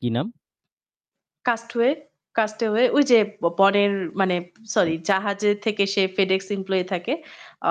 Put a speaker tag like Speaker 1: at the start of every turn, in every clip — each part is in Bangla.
Speaker 1: কী নাম?
Speaker 2: Cast Hway "Cast Away", ওইযে ব বনের মানে সরি,
Speaker 1: উম
Speaker 2: জাহাজের থেকে সে FedEx এমপ্লয়ি থাকে।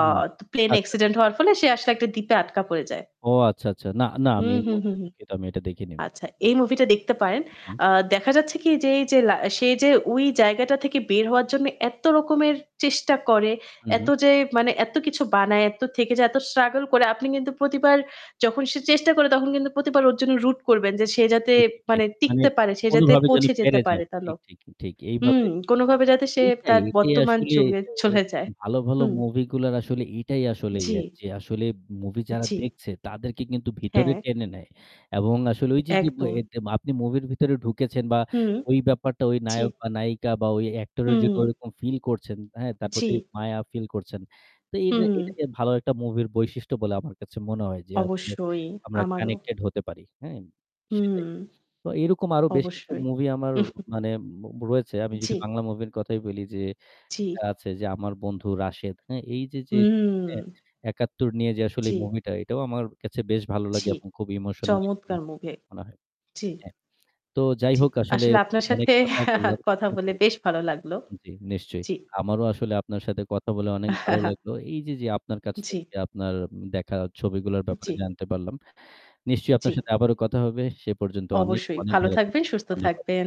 Speaker 2: অ
Speaker 1: হুম,
Speaker 2: তো প্লেন
Speaker 1: আচ্ছা।
Speaker 2: অ্যাক্সিডেন্ট হওয়ার ফলে সে আসলে একটা দ্বীপে আটকা পড়ে যায়।
Speaker 1: ও আচ্ছা, আচ্ছা। না, না আমি
Speaker 2: হুম,
Speaker 1: এই
Speaker 2: হুম, হুম,
Speaker 1: মুহূর্তে
Speaker 2: হুম।
Speaker 1: দুঃখিত, আমি এটা দেখেনি।
Speaker 2: আচ্ছা, এই মুভিটা দেখতে পারেন।
Speaker 1: উহু।
Speaker 2: আ দেখা যাচ্ছে কী, যে এই যে লা সে যে ওই জায়গাটা থেকে বের হওয়ার জন্য এত্ত রকমের চেষ্টা করে,
Speaker 1: উহু।
Speaker 2: এত যে মানে এত্ত কিছু বানায়, এত্ত থেকে যে এত স্ট্রাগল করে। আপনি কিন্তু প্রতিবার যখন সে চেষ্টা করে, তখন কিন্তু প্রতিবার ওর জন্য root করবেন যে সে যাতে
Speaker 1: ঠিক, ঠিক,
Speaker 2: মানে
Speaker 1: ঠিক। মানে
Speaker 2: টিকতে পারে, সে যাতে
Speaker 1: কোনভাবে যেন
Speaker 2: পৌঁছে যেতে
Speaker 1: পেরে
Speaker 2: পারে
Speaker 1: যায়।
Speaker 2: তার
Speaker 1: ঠিক,
Speaker 2: লক
Speaker 1: ঠিক, ঠিক এইভাবে
Speaker 2: হুম। কোনোভাবে যাতে সে
Speaker 1: এইটাই,
Speaker 2: তার
Speaker 1: এটাই
Speaker 2: বর্তমান
Speaker 1: আসলে
Speaker 2: যুগে
Speaker 1: এটা
Speaker 2: চলে যায়।
Speaker 1: ভালো, ভালো
Speaker 2: হুম।
Speaker 1: মুভিগুলার আসলে এইটাই আসলে ইয়া
Speaker 2: জি।
Speaker 1: যে আসলে মুভি যারা
Speaker 2: জি।
Speaker 1: দেখছে, তাদেরকে কিন্তু ভিতরে
Speaker 2: হ্যাঁ।
Speaker 1: টেনে নেয় এবং আসলে ওই যে, যে ব
Speaker 2: একদম।
Speaker 1: এর যে আপনি মুভির ভিতরে ঢুকেছেন বা
Speaker 2: হুম।
Speaker 1: ওই ব্যাপারটা, ওই
Speaker 2: জি।
Speaker 1: নায়ক বা নায়িকা, বা ওই অ্যাক্টরের জন্য
Speaker 2: হুম।
Speaker 1: ওইরকম ফিল করছেন। হ্যাঁ? তার
Speaker 2: জি।
Speaker 1: প্রতি মায়া ফিল করছেন। তো এইটা
Speaker 2: হুম।
Speaker 1: এইটাকে ভালো একটা মুভির বৈশিষ্ট্য বলে আমার কাছে মনে হয় যে, আসলে
Speaker 2: অবশ্যই,
Speaker 1: আমরা
Speaker 2: আমারও।
Speaker 1: কানেক্টেড হতে পারি। হ্যাঁ?
Speaker 2: হুম।
Speaker 1: সেটাই। সো এইরকম আরও বেশ কিছু
Speaker 2: অবশ্যই।
Speaker 1: মুভি আমার মানে মো রয়েছে। আমি যদি
Speaker 2: জি।
Speaker 1: বাংলা মুভির কথাই বলি যে এটা
Speaker 2: জি।
Speaker 1: আছে যে, 'আমার বন্ধু রাশেদ'। হ্যাঁ? এই যে, যে হ্যাঁ?
Speaker 2: হুম।
Speaker 1: ৭১ নিয়ে যে আসলে এ
Speaker 2: জি।
Speaker 1: মুভিটা, এটাও আমার কাছে বেশ ভালো লাগে
Speaker 2: জি।
Speaker 1: এবং খুব ইমোশনাল [unintelligible]
Speaker 2: চমৎকার
Speaker 1: মুভি
Speaker 2: মুভি!
Speaker 1: মনে হয়।
Speaker 2: জি।
Speaker 1: হ্যাঁ। তো যাই
Speaker 2: জি।
Speaker 1: হোক আসলে
Speaker 2: আসলে আপনার
Speaker 1: অনেক
Speaker 2: সাথে
Speaker 1: কথা বললাম
Speaker 2: কথা
Speaker 1: হ্যাঁ,
Speaker 2: বলে
Speaker 1: জি,
Speaker 2: বেশ ভালো লাগলো।
Speaker 1: জি, নিশ্চয়ই।
Speaker 2: জি।
Speaker 1: আমারও আসলে আপনার সাথে কথা বলে অনেক ভালো লাগলো। এই যে, যে আপনার কাছ
Speaker 2: জি।
Speaker 1: থেকে আপনার উম দেখা ছবিগুলোর ব্যাপারে
Speaker 2: জি।
Speaker 1: জানতে পারলাম। নিশ্চয়ই আপনার
Speaker 2: জি।
Speaker 1: সাথে আবারও কথা হবে। সে পর্যন্ত অনেক,
Speaker 2: অবশ্যই।
Speaker 1: অনেক
Speaker 2: ভালো
Speaker 1: ভালো
Speaker 2: থাকবেন,
Speaker 1: থাকবেন।
Speaker 2: সুস্থ
Speaker 1: ধন্যবাদ।
Speaker 2: থাকবেন।